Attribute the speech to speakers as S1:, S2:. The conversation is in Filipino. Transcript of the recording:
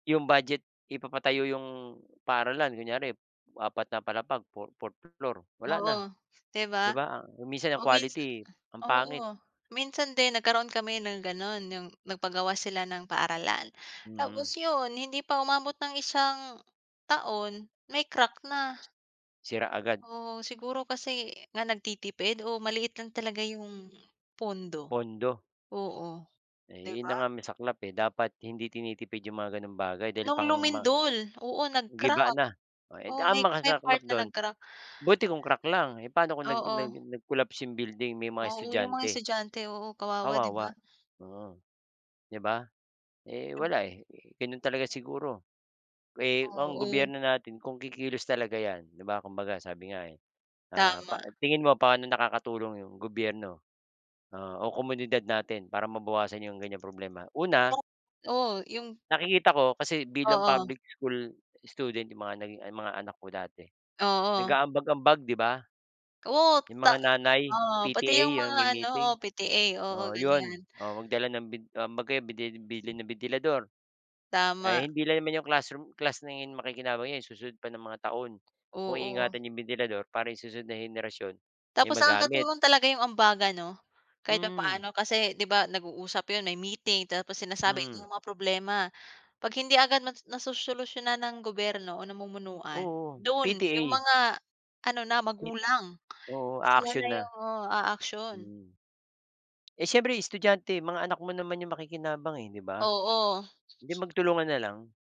S1: Yung budget ipapatayo yung paaralan, kunyari, 4 na palapag, fo fo fourth floor, wala na.
S2: Oo, di
S1: Di
S2: ba?
S1: ba minsan ang
S2: Oo, minsa
S1: quality ang pangit.
S2: oo. Minsan din nagkaroon kami ng gano’n. Yung nagpagawa sila ng paaralan. Tapos
S1: Mm.
S2: yun, hindi pa umabot ng isang taon may crack na.
S1: Sira agad.
S2: Oo, siguro kasi nga nagtitipid. O maliit lang talaga yung pondo.
S1: Pondo.
S2: Oo.
S1: Eh,
S2: Di
S1: ’yon na
S2: ba?
S1: nga ang masaklap eh. Dapat hindi tinitipid yung mga gano’ng bagay dahil
S2: Noong
S1: pangma
S2: lumindol. Oo,
S1: Giba
S2: nag-crack.
S1: na. Eh,
S2: Oo,
S1: ang
S2: may may
S1: masaklap
S2: part na
S1: doon,
S2: nag-crack.
S1: buti kung crack lang, eh, paano kung nag nag
S2: Oo.
S1: nag-collapse yung building? May mga
S2: Oo, yung mga
S1: estudyante.
S2: estudyante. Oo, kawawa, di ba?
S1: Kawawa, oo, di ba? Eh, wala eh, gano’n talaga siguro. Eh, ang
S2: Oo.
S1: gobyerno natin kung kikilos talaga ’yan, di ba, kumbaga, sabi nga eh. Ah pa
S2: Tama.
S1: tingin mo, paano nakakatulong ’yong gobyerno, ah, o komunidad natin para mabawasan ’yong ganyang problema? Una
S2: Oo, yung
S1: nakikita ko kasi bilang
S2: Oo.
S1: public school student yung mga naging mga anak ko dati,
S2: Oo.
S1: nag-aambag-ambag, di ba?
S2: Oo,
S1: Yung
S2: ta
S1: mga nanay,
S2: oo, pati yung
S1: PTA,
S2: mga
S1: yung may
S2: ano oo,
S1: meeting
S2: PTA. Oo,
S1: oo, 'yon.
S2: ganyan.
S1: Oo, magdala ng bin um, 'baga bidi bili ng bentilador. Eh,
S2: Tama.
S1: hindi lang naman yung classroom class na ’yon ang makikinabang 'yan, susunod pa ng mga taon. Kung
S2: Oo.
S1: iingatan yung bentilador para yung susunod na henerasyon may
S2: Tapos
S1: magamit.
S2: nakakatulong talaga ’yong ambagan 'no, kahit
S1: Hmm.
S2: papaano, kasi ’di ba nag-uusap ’yon, may meeting. Tapos sinasabi
S1: Mm.
S2: yung mga problema. 'Pag hindi agad ma nasosolusyunan ng gobyerno o namumunuan,
S1: Oo,
S2: doon yung
S1: PTA.
S2: mga ano na, magulang,
S1: Oo,
S2: sila
S1: a-action
S2: na
S1: na.
S2: yung oh, aaksiyon.
S1: Hmm. Eh, siyempre estudyante, mga anak mo naman yung makikinabang, eh, di ba?
S2: Oo.
S1: Eh di, magtulungan na lang.